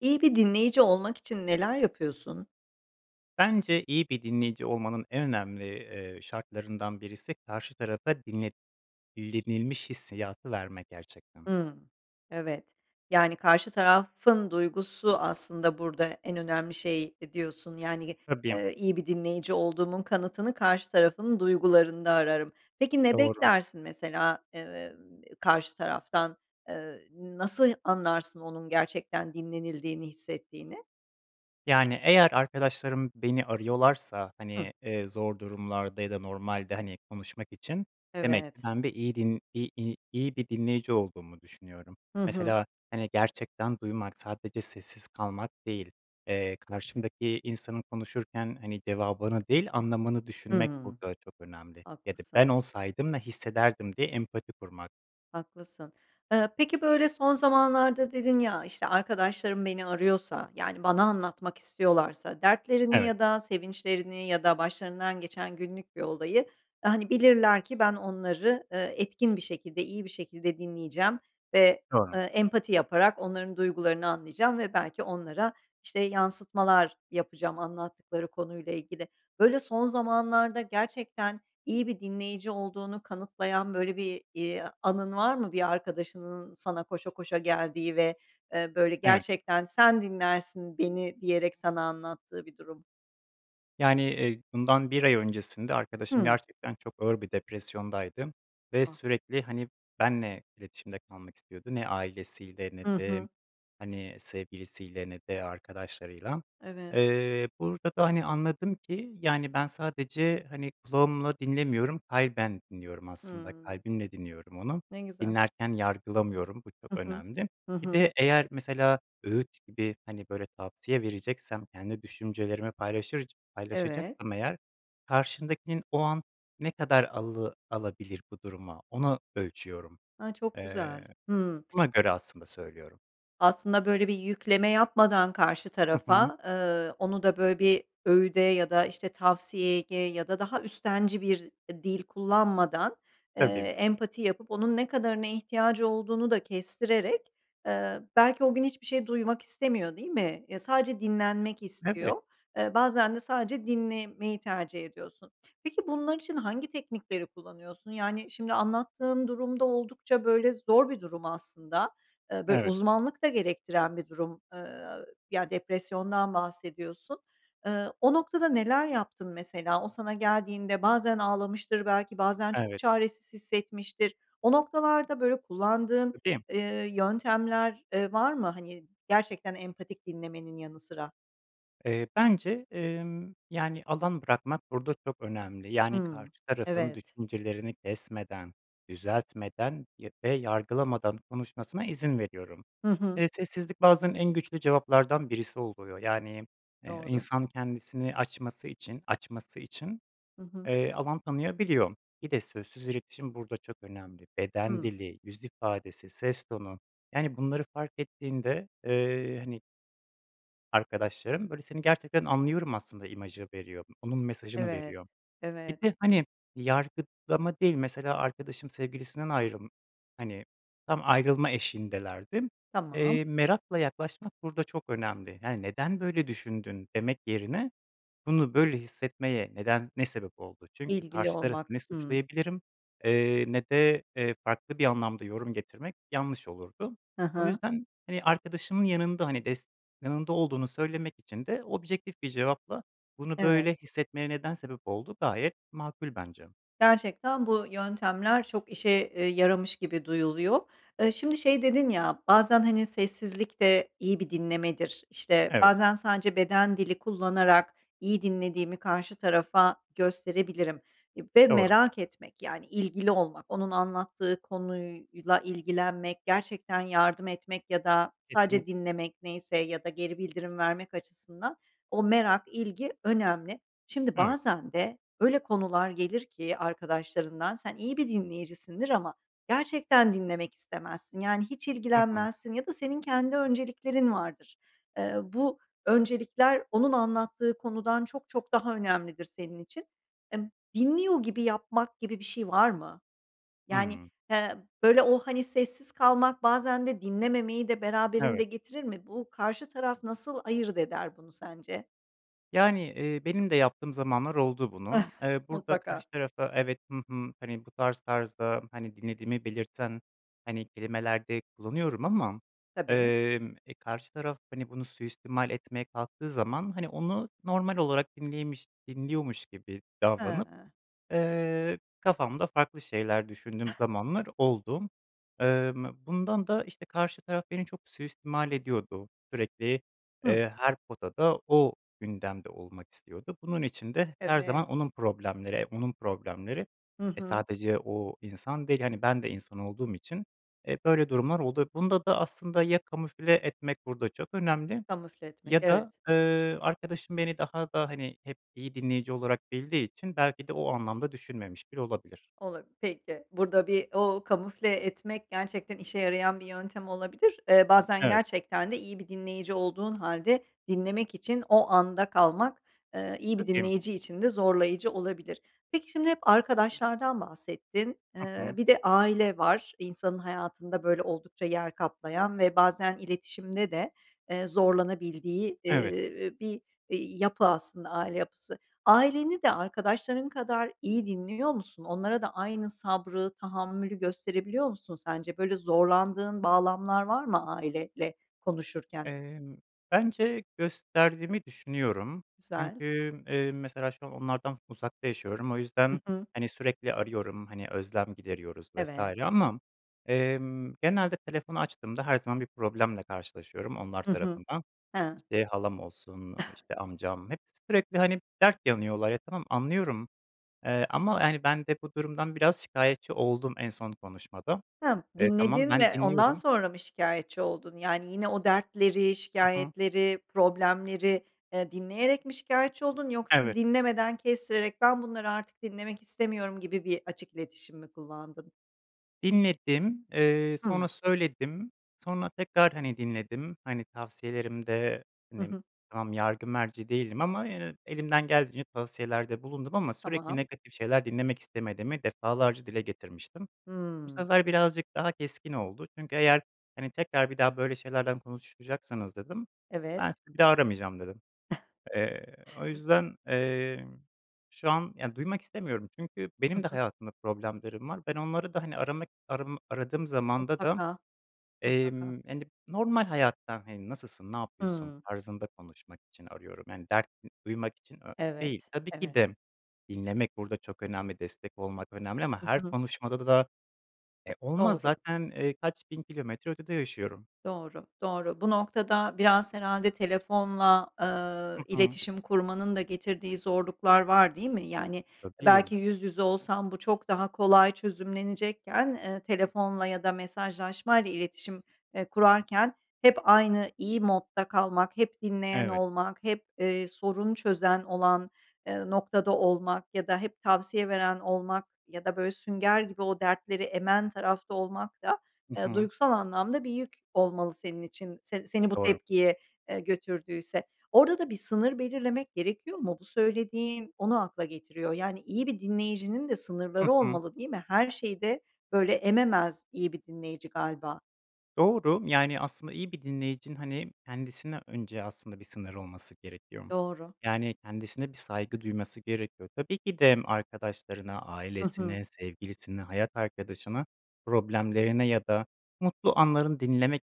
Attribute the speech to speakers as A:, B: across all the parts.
A: İyi bir dinleyici olmak için neler yapıyorsun?
B: Bence iyi bir dinleyici olmanın en önemli, eee, şartlarından birisi karşı tarafa dinlet dinlenilmiş hissiyatı verme gerçekten.
A: Hıı. Evet. Yani, karşı tarafın duygusu aslında burada en önemli şeydi diyorsun, yani, ge
B: Tabii.
A: ııı, iyi bir dinleyici olduğumun kanıtını karşı tarafın duygularında ararım. Peki, ne
B: Doğru.
A: beklersin mesela, eee, karşı taraftan, eee, nasıl anlarsın onun gerçekten dinlenildiğini hissettiğini?
B: Yani, eğer arkadaşlarım beni arıyorlarsa,
A: Hıı.
B: hani, eee, zor durumlarda ya da normalde, hani, konuşmak için demek ki
A: Evet.
B: ben bir iyi din iy iy iyi bir dinleyici olduğumu düşünüyorum.
A: Hı hı.
B: Mesela, hani, gerçekten duymak, sadece sessiz kalmak değil, eee, karşımdaki insanın konuşurken, hani, cevabını değil anlamını düşünmek
A: Hıı.
B: burada çok önemli ya da
A: Haklısın.
B: ben olsaydım ne hissederdim diye empati kurmak.
A: Haklısın. Iıı, peki, böyle son zamanlarda dedin ya, işte, arkadaşlarım beni arıyorsa, yani, bana anlatmak istiyorlarsa dertlerini
B: Evet.
A: ya da sevinçlerini ya da başlarından geçen günlük bir olayı, hani, bilirler ki ben onları, eee, etkin bir şekilde, iyi bir şekilde dinleyeceğim ve,
B: Doğru.
A: ııı, empati yaparak onların duygularını anlayacağım ve belki onlara, işte, yansıtmalar yapacağım anlattıkları konuyla ilgili. Böyle, son zamanlarda gerçekten iyi bir dinleyici olduğunu kanıtlayan böyle bir, iii, anın var mı bir arkadaşının sana koşa koşa geldiği ve, eee, böyle
B: Evet.
A: gerçekten sen dinlersin beni diyerek sana anlattığı bir durum.
B: Yani, eee, bundan 1 ay öncesinde arkadaşım
A: Hımm.
B: gerçekten çok ağır bir depresyondaydı m ve
A: Ah.
B: sürekli, hani, benle iletişimde kalmak istiyordu. Ne ailesiyle ne
A: Hı
B: de,
A: hı.
B: hani, sevgilisiyle ne de arkadaşlarıyla.
A: Evet.
B: Eee, burada da, hani, anladım ki, yani, ben sadece, hani, kulağımla dinlemiyorum. Kalben dinliyorum aslında.
A: Hımm.
B: Kalbimle dinliyorum onu.
A: Ne güzel.
B: Dinlerken yargılamıyorum, bu çok
A: I hı.
B: önemli.
A: Hı
B: Bir
A: hı.
B: de eğer mesela öğüt gibi, hani, böyle, tavsiye vereceksem, kendi düşüncelerimi paylaşırc
A: Evet.
B: paylaşacaksam eğer, karşındakinin o an ne kadar alı alabilir bu duruma, onu ölçüyorum.
A: A, çok güzel.
B: Eee,
A: Hımm.
B: buna göre aslında söylüyorum.
A: Aslında, böyle, bir yükleme yapmadan karşı
B: Hı hı.
A: tarafa, eee, onu da, böyle, bir öğüde ya da, işte, tavsiyeye ge ya da daha üstenci bir dil kullanmadan, eee,
B: Tabii.
A: empati yapıp onun ne kadarına ihtiyacı olduğunu da kestirerek, eee belki o gün hiçbir şey duymak istemiyor değil mi? Ya, sadece dinlenmek
B: Evet.
A: istiyor. Eee, bazen de sadece dinlemeyi tercih ediyorsun. Peki bunlar için hangi teknikleri kullanıyorsun? Yani, şimdi, anlattığın durum da oldukça böyle zor bir durum aslında. Eee, böyle,
B: Evet.
A: uzmanlık da gerektiren bir durum, eee, a ü ya, depresyondan bahsediyorsun. Iıı, o noktada neler yaptın mesela? O sana geldiğinde bazen ağlamıştır belki, bazen çok
B: Evet.
A: çaresiz hissetmiştir. O noktalarda, böyle, kullandığın,
B: Tabii.
A: eee, yöntemler, eee, var mı, hani, gerçekten empatik dinlemenin yanı sıra?
B: Eee, bence, emm, yani, alan bırakmak burada çok önemli. Yani, karşı
A: Hımm,
B: tarafın
A: evet.
B: düşüncelerini kesmeden, düzeltmeden y ve yargılamadan konuşmasına izin veriyorum.
A: Hı hı.
B: Eee, sessizlik bazen en güçlü cevaplardan birisi oluyor, yani m eee,
A: Doğru.
B: insan kendisini açması için, açması için,
A: Hı hı.
B: eee, alan tanıyabiliyor. Bir de sözsüz iletişim burada çok önemli. Beden
A: Hımm.
B: dili, yüz ifadesi, ses tonu, yani, bunları fark ettiğinde, eee, hani arkadaşlarım, böyle, "Seni gerçekten anlıyorum." aslında imajı veriyor. Onun mesajını
A: Evet,
B: veriyor. Bir
A: evet.
B: de, hani, yargılama değil, mesela arkadaşım sevgilisinden ayrılm hani, tam ayrılma eşiğindelerdi m
A: Tamam.
B: eee, merakla yaklaşmak burada çok önemli. Yani, "Neden böyle düşündün?" demek yerine, "Bunu böyle hissetmeye neden ne sebep oldu?" Çünkü
A: İlgili
B: karşı tarafı ne
A: olmak, hımm.
B: suçlayabilirim, eee, ne de, eee, farklı bir anlamda yorum getirmek yanlış olurdu.
A: Ha
B: O
A: ha.
B: yüzden, hani, arkadaşımın yanında, hani, des yanında olduğunu söylemek için de objektif bir cevapla, "Bunu
A: Evet.
B: böyle hissetmeye neden sebep oldu?" gayet makul bence.
A: Gerçekten bu yöntemler çok işe, eee, yaramış gibi duyuluyor. Eee, şimdi şey dedin ya, "Bazen, hani, sessizlik de iyi bir dinlemedir. İşte,
B: Evet.
A: bazen sadece beden dili kullanarak iyi dinlediğimi karşı tarafa gösterebilirim." Ve
B: Doğru.
A: merak etmek, yani, ilgili olmak. Onun anlattığı konuyla ilgilenmek, gerçekten yardım etmek ya da sadece
B: Kesinlikle.
A: dinlemek neyse ya da geri bildirim vermek açısından o merak, ilgi önemli. Şimdi
B: Evet.
A: bazen de öyle konular gelir ki arkadaşlarından, sen iyi bir dinleyicisindir ama gerçekten dinlemek istemezsin. Yani, hiç
B: Hı hı.
A: ilgilenmezsin ya da senin kendi önceliklerin vardır. Eee, bu öncelikler onun anlattığı konudan çok çok daha önemlidir senin için. Emm, dinliyor gibi yapmak gibi bir şey var mı? Yani,
B: Hımm.
A: he, böyle, o, hani, sessiz kalmak bazen de dinlememeyi de beraberinde
B: Evet.
A: getirir mi? Bu karşı taraf nasıl ayırt eder bunu sence?
B: Yani, eee, benim de yaptığım zamanlar oldu bunu, eee, burada
A: Mutlaka.
B: karşı tarafa evet, hı hı, hani, bu tarz tarzda, hani, dinlediğimi belirten, hani, kelimeler de kullanıyorum ama,
A: Tabii.
B: emm, e, karşı taraf, hani, bunu suistimal etmeye kalktığı zaman, hani, onu normal olarak dinliymiş dinliyormuş gibi davranıp,
A: Hıı.
B: eee, kafamda farklı şeyler düşündüğüm zamanlar oldu. Emm, bundan da, işte, karşı taraf beni çok suistimal ediyordu. Sürekli,
A: Hıı.
B: eee, her potada, o gündemde olmak istiyordu. Bunun için de her
A: Evet.
B: zaman onun problemleri, e, onun problemleri.
A: Hı
B: E,
A: hı.
B: sadece o insan değil, hani, ben de insan olduğum için, eee, böyle durumlar oldu. Bunda da aslında ya kamufle etmek burada çok önemli
A: Kamufle etmek,
B: ya
A: evet.
B: da, ııı, arkadaşım beni daha da, hani, hep iyi dinleyici olarak bildiği için belki de o anlamda düşünmemiş bile olabilir.
A: Ola Peki, burada bir o kamufle etmek, gerçekten işe yarayan bir yöntem olabilir, eee, bazen
B: Evet.
A: gerçekten de iyi bir dinleyici olduğun hâlde dinlemek için o anda kalmak, eee, iyi bir
B: Tabii.
A: dinleyici için de zorlayıcı olabilir. Peki, şimdi hep arkadaşlardan bahsettin.
B: Hı
A: Eee,
B: hı.
A: bir de aile var, insanın hayatında, böyle, oldukça yer kaplayan ve bazen iletişimde de, eee, zorlanabildiği,
B: Evet.
A: ııı, bir, iii, yapı aslında aile yapısı. Aileni de arkadaşların kadar iyi dinliyor musun? Onlara da aynı sabrı, tahammülü gösterebiliyor musun sence? Böyle, zorlandığın bağlamlar var mı, aileyle konuşurken?
B: Emm, bence gösterdiğimi düşünüyorum.
A: Güzel.
B: Çünkü, emm, mesela, şu an onlardan uzakta yaşıyorum. O
A: Hı
B: yüzden,
A: hı.
B: hani, sürekli arıyorum, hani, özlem gideriyoruz vs.
A: Evet.
B: ama, emm, genelde telefonu açtığımda her zaman bir problemle karşılaşıyorum onlar
A: Hı hı.
B: tarafından.
A: Hıı.
B: İşte, halam olsun, ııı, işte, amcam... Hepsi sürekli, hani, dert yanıyorlar. Ya, tamam anlıyorum, eee, ama, hani, ben de bu durumdan biraz şikâyetçi oldum en son konuşmada.
A: Hımm,
B: Eee, tamam,
A: dinledin
B: ben
A: ve ondan
B: dinliyorum
A: sonra mı şikâyetçi oldun? Yani, yine o dertleri,
B: Hı hı.
A: şikâyetleri, problemleri, eee, dinleyerek mi şikâyetçi oldun, yoksa
B: Evet.
A: dinlemeden kestirerek, "Ben bunları artık dinlemek istemiyorum" gibi bir açık iletişim mi kullandın?
B: Dinledim, eee,
A: Hımm.
B: sonra söyledim. Sonra tekrar, hani, dinledim, hani, tavsiyelerimde,
A: I
B: hani,
A: hı.
B: tamam, yargı merci değilim ama yine elimden geldiğince tavsiyelerde bulundum ama sürekli
A: Tamam.
B: negatif şeyler dinlemek istemediğimi defalarca dile getirmiştim. Bu
A: Hımm.
B: sefer birazcık daha keskin oldu çünkü, "Eğer, hani, tekrar bir daha böyle şeylerden konuşacaksanız" dedim,
A: Evet.
B: "Ben sizi bir daha aramayacağım." dedim. Eee, o yüzden, emm, şu an, ya, duymak istemiyorum çünkü
A: Hı
B: benim de
A: hı.
B: hayatımda problemlerim var. Ben onları da, hani, aramak, aramı aradığım zamanda da,
A: Mutlaka, mutlaka.
B: emm, hani, normal hayattan, hani, "Nasılsın, ne yapıyorsun?"
A: Hımm.
B: tarzında konuşmak için arıyorum, yani, dert ı duymak için a değil.
A: Evet,
B: Tabii ki
A: evet.
B: de dinlemek burada çok önemli, destek olmak önemli ama
A: Hı
B: her
A: hı.
B: konuşmada da da, e, olmaz,
A: Doğru.
B: zaten, eee, kaç bin kilometre ötede yaşıyorum?
A: Doğru, doğru. Bu noktada biraz herhâlde telefonla,
B: Hı
A: eee,
B: hı.
A: iletişim kurmanın da getirdiği zorluklar var değil mi? Yani,
B: Tabii.
A: belki yüz yüze olsan bu çok daha kolay çözümlenecekken, eee, telefonla ya da mesajlaşmayla iletişim, eee, kurarken hep aynı iyi modda kalmak, hep dinleyen
B: Evet.
A: olmak, hep, eee, sorun çözen olan, eee, noktada olmak ya da hep tavsiye veren olmak ya da böyle sünger gibi o dertleri emen tarafta olmak da,
B: I
A: eee,
B: hı.
A: duygusal anlamda bir yük olmalı senin için se seni bu
B: Doğru.
A: tepkiye, eee, götürdüyse. Orada da bir sınır belirlemek gerekiyor mu? Bu söylediğin onu akla getiriyor. Yani, iyi bir dinleyicinin de
B: Hı
A: sınırları
B: hı.
A: olmalı değil mi? Her şeyi de böyle ememez iyi bir dinleyici galiba.
B: Doğru, yani, aslında, iyi bir dinleyicinin, hani, kendisine önce, aslında, bir sınırı olması gerekiyor,
A: Doğru.
B: yani, kendisine bir saygı duyması gerekiyor. Tabii ki de arkadaşlarına,
A: Hı hı.
B: ailesine, sevgilisini, hayat arkadaşına, problemlerine ya da mutlu anlarını dinlemek,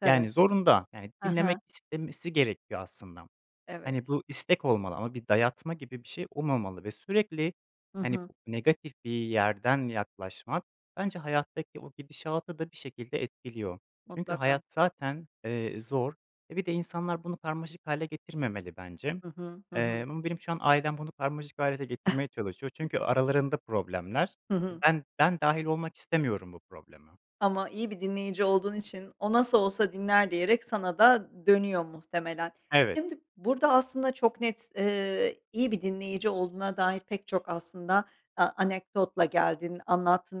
A: Tabii.
B: yani, zorunda. Yani,
A: Ha
B: dinlemek
A: ha.
B: istemesi gerekiyor, aslında.
A: Evet.
B: Hani, bu istek olmalı ama bir dayatma gibi bir şey olmamalı ve sürekli,
A: Hı
B: hani,
A: hı.
B: negatif bir yerden yaklaşmak bence hayattaki o gidişatı da bir şekilde etkiliyor. Çünkü
A: Mutlaka.
B: hayat, zaten, eee, zor. E, bir de insanlar bunu karmaşık hâle getirmemeli, bence.
A: Hı hı, hı
B: Eee,
A: hı.
B: ama benim şu an ailem bunu karmaşık hâle
A: Eh.
B: getirmeye çalışıyor çünkü aralarında problemler
A: Hı
B: E,
A: hı.
B: ben ben dâhil olmak istemiyorum, bu probleme.
A: Ama iyi bir dinleyici olduğun için o nasıl olsa dinler diyerek sana da d dönüyor, muhtemelen.
B: Evet.
A: Şimdi, burada, aslında, çok net, eee, iyi bir dinleyici olduğuna dair pek çok, aslında, a anekdotla geldin, anlattın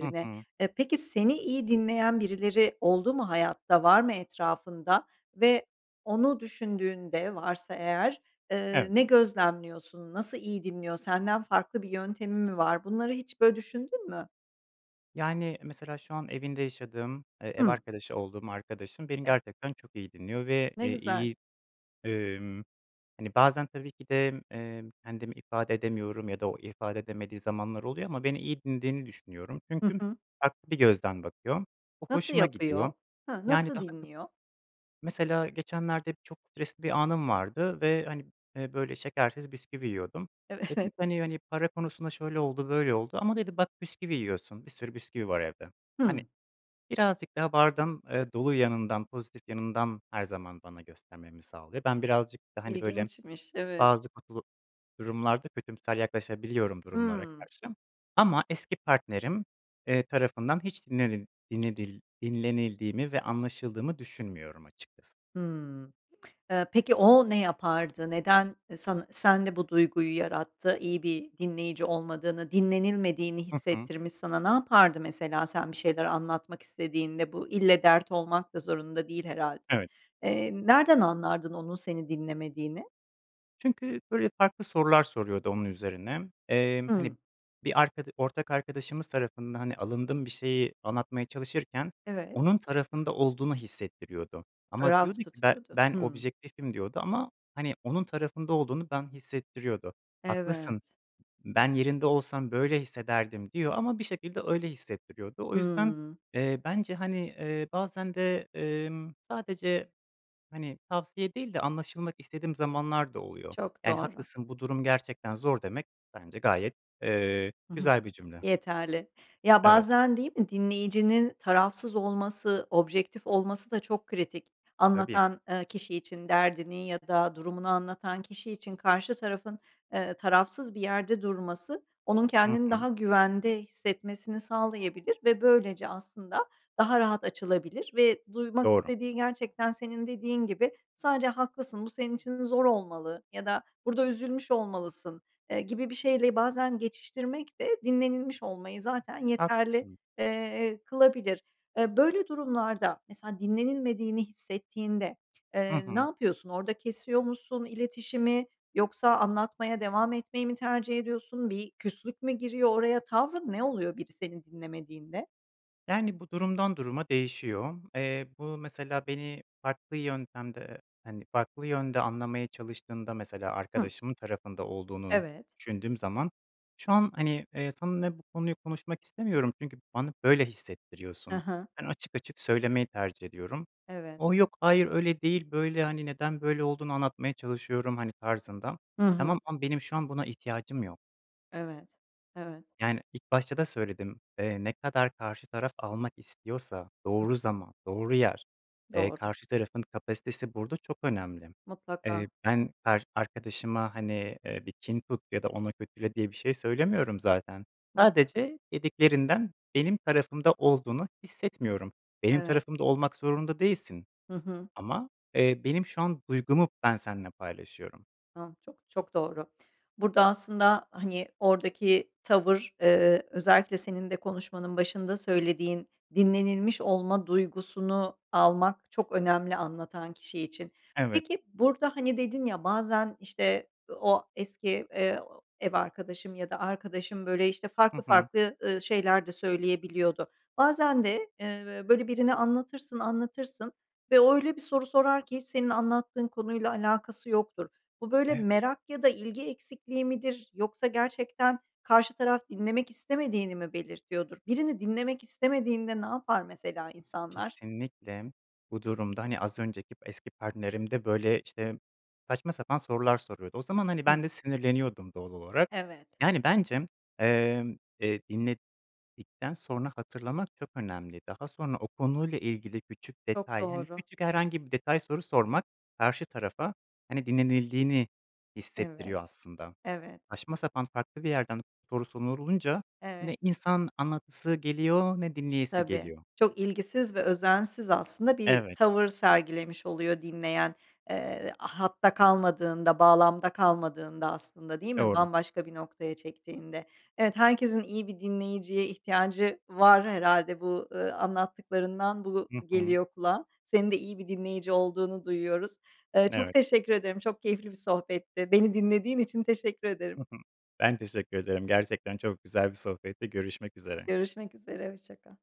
B: Hı hı.
A: E, peki, seni iyi dinleyen birileri oldu mu hayatta, var mı etrafında? Ve onu düşündüğünde varsa eğer, eee,
B: Evet.
A: ne gözlemliyorsun, nasıl iyi dinliyor, senden farklı bir yöntemi mi var? Bunları hiç böyle düşündün mü?
B: Yani, mesela, şu an evinde yaşadığım, eee, ev
A: Hımm.
B: arkadaşı olduğum arkadaşım beni
A: Ev
B: gerçekten çok iyi dinliyor ve,
A: Ne
B: eee,
A: güzel!
B: iyi, emm, hani, bazen tabii ki de, emm, kendimi ifade edemiyorum ya da o ifade edemediği zamanlar oluyor, ama beni iyi dinlediğini düşünüyorum,
A: Hı
B: çünkü
A: hı.
B: farklı bir gözden bakıyor. O
A: Nasıl
B: hoşuma
A: yapıyor?
B: gidiyor,
A: Ha,
B: yani,
A: nasıl
B: daha çok,
A: dinliyor?
B: mesela, geçenlerde çok stresli bir anım vardı ve, hani, eee, böyle şekersiz bisküvi yiyordum. Dedim
A: Evet.
B: ki hani hani para konusunda şöyle oldu, böyle oldu ama dedi: “Bak, bisküvi yiyorsun. Bir sürü bisküvi var, evde.” Hani,
A: Hımm.
B: birazcık daha bardağın, eee, dolu yanından, pozitif yanından, her zaman bana göstermemi sağlıyor. Ben birazcık da, hani, böyle,
A: İlginçmiş. Evet.
B: bazı kutlu durumlarda kötümser yaklaşabiliyorum, durumlara
A: Hımm.
B: karşı ama eski partnerim, eee, tarafından hiç dinlenil dinledil dinlenildiğimi ve anlaşıldığımı düşünmüyorum, açıkçası.
A: Hımm. Eee, peki, o ne yapardı? Neden san sende bu duyguyu yarattı? İyi bir dinleyici olmadığını, dinlenilmediğini
B: Hı hı.
A: hissettirmiş sana. Ne yapardı, mesela, sen bir şeyler anlatmak istediğinde? Bu, ille, dert olmak da zorunda değil, herhâlde.
B: Evet.
A: Eee, nereden anlardın, onun seni dinlemediğini?
B: Çünkü, böyle, farklı sorular soruyordu onun üzerine m emm, hani,
A: Hımm.
B: bir arkada ortak arkadaşımız tarafından, hani, alındığım bir şeyi anlatmaya çalışırken
A: Evet.
B: onun tarafında olduğunu hissettiriyordu. Ama diyordu
A: Taraf
B: ki, "Be
A: tutuyordu.
B: ben
A: Hımm.
B: objektifim." diyordu ama, hani, onun tarafında olduğunu ben hissettiriyordu. "Haklısın,
A: Evet.
B: ben yerinde olsam böyle hissederdim." diyor ama bir şekilde öyle hissettiriyordu. O yüzden,
A: Hımm.
B: eee, bence, hani, eee, bazen de, emm, sadece, hani, tavsiye değil de anlaşılmak istediğim zamanlar da oluyor.
A: Çok
B: Yani,
A: doğru.
B: "Haklısın, bu durum gerçekten zor." demek bence gayet, eee,
A: Hı hı.
B: güzel bir cümle.
A: Yeterli. Ya,
B: Evet.
A: bazen değil mi dinleyicinin tarafsız olması, objektif olması da çok kritik.
B: Tabii.
A: Anlatan, eee, kişi için. Derdini ya da durumunu anlatan kişi için karşı tarafın, eee, tarafsız bir yerde durması, onun
B: I
A: kendini
B: hı.
A: daha güvende hissetmesini sağlayabilir ve böylece aslında daha rahat açılabilir ve duymak
B: Doğru.
A: istediği gerçekten senin dediğin gibi, sadece, "Haklısın, bu senin için zor olmalı." ya da, "Burada üzülmüş olmalısın." eee, gibi bir şeyle bazen geçiştirmek de dinlenilmiş olmayı zaten yeterli,
B: Haklısın.
A: eee, kılabilir. Eee, böyle durumlarda mesela dinlenilmediğini hissettiğinde,
B: Hı
A: eee, ne
B: hı.
A: yapıyorsun? Orada kesiyor musun iletişimi yoksa anlatmaya devam etmeyi mi tercih ediyorsun, bir küslük mü giriyor oraya? Tavrın ne oluyor biri seni dinlemediğinde?
B: Yani, bu durumdan duruma değişiyor. Eee, bu mesela beni farklı yöntemde, eee, hani, farklı yönde anlamaya çalıştığımda mesela
A: Hıı.
B: arkadaşımın tarafında olduğunu
A: Evet.
B: düşündüğüm zaman, şu an, hani, eee, seninle bu konuyu konuşmak istemiyorum çünkü bana böyle
A: Hı
B: hissettiriyorsun.
A: hı.
B: Ben, açık açık söylemeyi tercih ediyorum.
A: Evet.
B: O, yok hayır, öyle değil, böyle, hani, neden böyle olduğunu anlatmaya çalışıyorum, hani, tarzında.
A: Hı
B: Tamam
A: hı.
B: ama benim şu an buna ihtiyacım yok.
A: Evet, evet.
B: Yani, ilk başta da söyledim. Eee, ne kadar karşı taraf almak istiyorsa
A: Hı
B: doğru zaman, doğru yer, eee,
A: Doğru.
B: karşı tarafın kapasitesi burada çok önemli.
A: Mutlaka.
B: Eee, ben kar arkadaşıma, hani, eee, bir kin tut ya da ona kötüle diye bir şey söylemiyorum zaten.
A: Mutlaka.
B: Sadece dediklerinden benim tarafımda olduğunu hissetmiyorum. Benim
A: Evet.
B: tarafımda olmak zorunda değilsin
A: Hı hı.
B: ama, eee, benim şu an duygumu ben seninle paylaşıyorum.
A: A, çok, çok doğru. Burada aslında, hani, oradaki tavır, eee, özellikle senin de konuşmanın başında söylediğin dinlenilmiş olma duygusunu almak çok önemli anlatan kişi için.
B: Evet.
A: Peki, burada, hani, dedin ya bazen, işte, o eski, eee, ev arkadaşım ya da arkadaşım, böyle, işte,
B: Hı
A: farklı
B: hı.
A: farklı, ııı, şeyler de söyleyebiliyordu. Bazen de, eee, böyle, birine anlatırsın, anlatırsın ve o öyle bir soru sorar ki senin anlattığın konuyla alakası yoktur. Bu, böyle,
B: Evet.
A: merak ya da ilgi eksikliği midir, yoksa gerçekten karşı taraf dinlemek istemediğini mi belirtiyordur? Birini dinlemek istemediğinde ne yapar mesela insanlar?
B: Kesinlikle. Bu durumda, hani, az önceki eski partnerim de böyle, işte, saçma sapan sorular soruyordu. O zaman, hani, ben
A: Hıı.
B: de sinirleniyordum doğal olarak.
A: Evet.
B: Yani, bence, emm, eee, dinledikten sonra hatırlamak çok önemli. Daha sonra o konuyla ilgili küçük
A: Çok
B: detay, hani,
A: doğru.
B: küçük herhangi bir detay soru sormak karşı tarafa, hani, dinlenildiğini
A: Evet.
B: hissettiriyor aslında.
A: Evet.
B: Saçma sapan, farklı bir yerden soru sorulunca
A: Evet.
B: ne insan anlatası geliyor, ne dinleyesi
A: Tabii.
B: geliyor.
A: Çok ilgisiz ve özensiz aslında bir
B: Evet.
A: tavır sergilemiş oluyor dinleyen. Eee, hatta kalmadığında, bağlamda kalmadığında aslında değil mi,
B: Doğru.
A: bambaşka bir noktaya çektiğinde. Evet, herkesin iyi bir dinleyiciye ihtiyacı var herhâlde. Bu, ııı, anlattıklarından bu
B: Hı hı.
A: geliyor kulağa. Senin de iyi bir dinleyici olduğunu duyuyoruz. Iıı, çok
B: Evet.
A: teşekkür ederim, çok keyifli bir sohbetti. Beni dinlediğin için teşekkür ederim.
B: Hı hı. Ben teşekkür ederim, gerçekten çok güzel bir sohbetti. Görüşmek üzere.
A: Görüşmek üzere. Hoşça kal.